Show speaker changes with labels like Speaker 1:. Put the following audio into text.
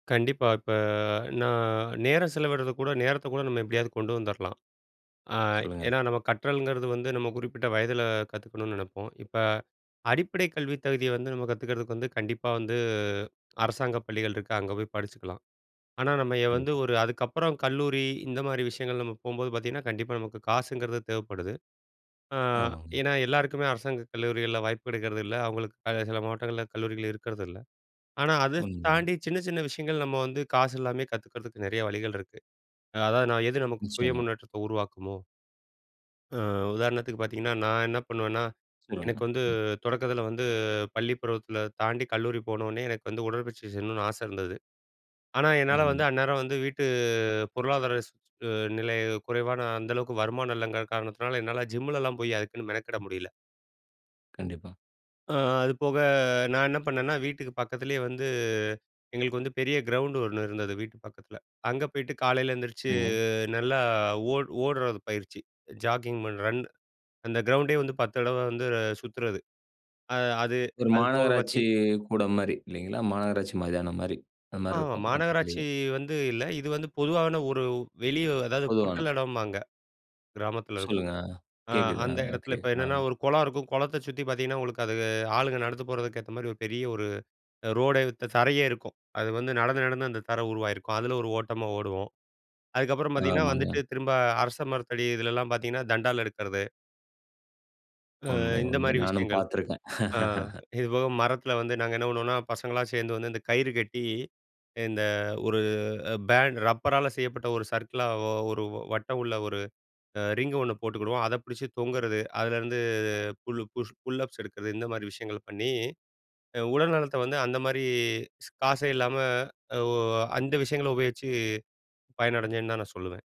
Speaker 1: கண்டிப்பா. இப்ப நான் நேரம் செலவிட்றது கூட நேரத்த கூட நம்ம எப்டியாவது கொண்டு வந்துரலாம். அ
Speaker 2: சொல்லுங்க.
Speaker 1: ஏன்னா நம்ம கற்றல்ங்கிறது வந்து, நம்ம குறிப்பிட்ட வயதில கத்துக்கணும்னு நெனைப்போம். இப்ப அடிப்படை கல்வி தகுதிய வந்து நம்ம கத்துக்கிறதுக்கு வந்து, கண்டிப்பா வந்து அரசாங்க பள்ளிகள் இருக்கு, அங்க போய் படிச்சுக்கலாம். ஆனா, நம்ம ய வந்து
Speaker 2: கண்டிப்பா.
Speaker 1: ஒரு அதுக்கப்புறம் கல்லூரி, இந்த மாதிரி விஷயங்கள் நம்ம போம்போது பார்த்தீங்கன்னா, கண்டிப்பா நமக்கு காசுங்கிறது தேவைப்படுது. அ
Speaker 2: ஆமாங்க.
Speaker 1: ஏன்னா, எல்லாருக்குமே அரசாங்க கல்லூரிகள்ல வாய்ப்பு இருக்கிறதில்ல. அவங்களுக்கு க சில மாவட்டங்கள்ல கல்லூரிகள் இருக்கிறதில்ல. ஆனா, அத ஸ்
Speaker 2: உண்ம தான்.
Speaker 1: தாண்டி சின்ன சின்ன விஷயங்கள் நம்ம வந்து, காசு இல்லாம கத்துக்கிறதுக்கு நெறைய வழிகள் இருக்கு. அதாவது நான் எது நமக்கு சுய
Speaker 2: நிச்சயமா.
Speaker 1: முன்னேற்றத்த உருவாக்குமோ அ உதாரணத்துக்கு பாத்தீங்கன்னா நான் என்ன பண்ணுவேன்னா,
Speaker 2: சொல்லுங்க.
Speaker 1: எனக்கு வந்து
Speaker 2: ம்.
Speaker 1: தொடக்கத்துல வந்து, பள்ளி பருவத்துல தாண்டி கல்லூரி போனனே எனக்கு வந்து, உடற்பயிற்சி செய்யணும்னு ஆசை இருந்தது. ஆனா, என்னால
Speaker 2: அருமை.
Speaker 1: வந்து அந்நேரம் வந்து வீட்டு பொருளாதார ஸ் நிலை குறைவான அந்தளவுக்கு, வருமானம் இல்லைங்கிற காரணத்தினால என்னால ஜிம்முலலாம் போயி, அதுக்குன்னு மெனக்கிட முடியல.
Speaker 2: கண்டிப்பா.
Speaker 1: அ அது போக நான் என்ன பண்ணேன்னா, வீட்டுக்கு பக்கத்திலயே வந்து எங்களுக்கு வந்து, பெரிய கிரவுண்ட் ஒண்ணு இருந்தது வீட்டு பக்கத்துல. அங்கே போயிட்டு காலையில எந்திரிச்சி
Speaker 2: சரிங்க.
Speaker 1: நல்லா ஓட் ஓடுறது பயிற்சி. ஜாக்கிங் பண்ண ரன் அந்த கிரவுண்டே வந்து 10 தடவ வந்து சுத்துறது. அ அது
Speaker 2: ஒரு
Speaker 1: அது போக பாத்தி
Speaker 2: மாநகராட்சி கூடம் மாரி இல்லைங்களா? மாநகராட்சி மைதானம் மாரி அந்த மாரி
Speaker 1: ஆமா.
Speaker 2: இருக்கும்
Speaker 1: மாநகராட்சி
Speaker 2: பக்கத்திலயே.
Speaker 1: வந்து இல்ல. இது வந்து பொதுவான ஒரு வெளிய அதாவது,
Speaker 2: பொதுவான
Speaker 1: பொட்டல் எடம்பாங்க கிராமத்தில இருக்கும்.
Speaker 2: சொல்லுங்க,
Speaker 1: அ
Speaker 2: கேக்குது. அ
Speaker 1: அந்த எடத்துல
Speaker 2: ஓகே
Speaker 1: இப்ப என்னன்னா
Speaker 2: அ.
Speaker 1: ஒரு கொளம் இருக்கும். கொளத்தை சுத்தி பாத்தீங்கன்னா, உங்களுக்கு அது ஆளுங்க நடந்து போறதுக்கு ஏத்த மாரி ஒரு பெரிய ஒரு ரோடே த தரையே இருக்கும். அது வந்து நடந்து நடந்து அந்த தர உருவாகியிருக்கும். அதுல ஒரு ஓட்டமா ஓடுவோம். அதுக்கப்புறம் பாத்தீங்கன்னா வந்துட்டு,
Speaker 2: ஆமாங்க.
Speaker 1: திரும்ப அரச மரத்தடி இதுலல்லாம் பாத்தீங்கன்னா, தண்டால் எடுக்கிறது. அ
Speaker 2: உண்மை,
Speaker 1: இந்த
Speaker 2: உண்மை.
Speaker 1: மாரி
Speaker 2: நானும்
Speaker 1: விஷயங்கள்.
Speaker 2: பாத்திருக்கேன்.
Speaker 1: அ இதுபோக மரத்துல வந்து நாங்க என்ன பண்ணுவோம்னா, பசங்களா சேர்ந்து வந்து இந்த கயிறு கட்டி இந்த ஒரு பேண்ட் ரப்பரால செய்யப்பட்ட ஒரு சர்க்கிளாவோ, ஒரு வட்டம் உள்ள ஒரு ரிங்கு ஒண்ணு போட்டுக்கிடுவோம். அத புடிச்சு தொங்குறது, அதுலேருந்து புல்லு புஷ் புல்லப்ஸ் எடுக்கிறது, இந்த மாரி விஷயங்கள் பண்ணி, அ உடல் நலத்த வந்து அந்த மாரி காசே இல்லாம, ஓ அந்த விஷயங்கள உபயோகிச்சு பயனடைஞ்சேன்னு தான் நான் சொல்லுவேன்.